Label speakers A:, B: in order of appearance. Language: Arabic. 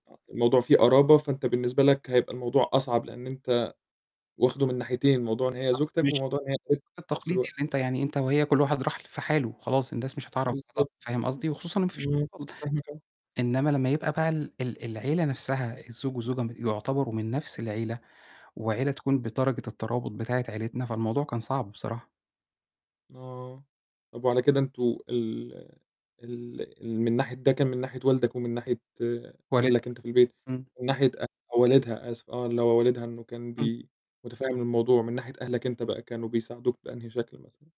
A: الموضوع فيه قرابة فأنت بالنسبة لك هيبقى الموضوع أصعب لإن أنت واخدُه من ناحيتين، موضوع إن هي
B: بالضبط
A: زوجتك
B: مش
A: وموضوع إن هي قريبتك
B: ال
A: في
B: [unintelligible]
A: نفس
B: التقليدي
A: الوقت.
B: اللي أنت يعني أنت وهي كُلّ واحد راح ل في حاله وخلاص الناس مش هتعرف بده
A: بالضبط.
B: فاهم قصدي؟ وخصوصًا إن ما فيش
A: امم، فاهمك آه.
B: [unintelligible] إنّما لمّا يبقى بقى ال ال العيلة نفسها، الزوج والزوجة يعتبروا من نفس العيلة، وعيلة تكون بدرجة الترابط بتاعة عيلتنا، فالموضوع كان صعب بصراحة.
A: آه، طَب وعلى كده أنتم ال ال ال من ناحية ده كان من ناحية والدك؟ ومن ناحية
B: والدها،
A: أهلك أنت في البيت؟
B: امم.
A: من ناحية أ والدها؟ آسف آه، اللي هو والدها إنه كان
B: امم.
A: بي متفهّم الموضوع، من ناحية أهلك أنت بقى كانوا بيساعدوك بأنهي شكل مثلًا؟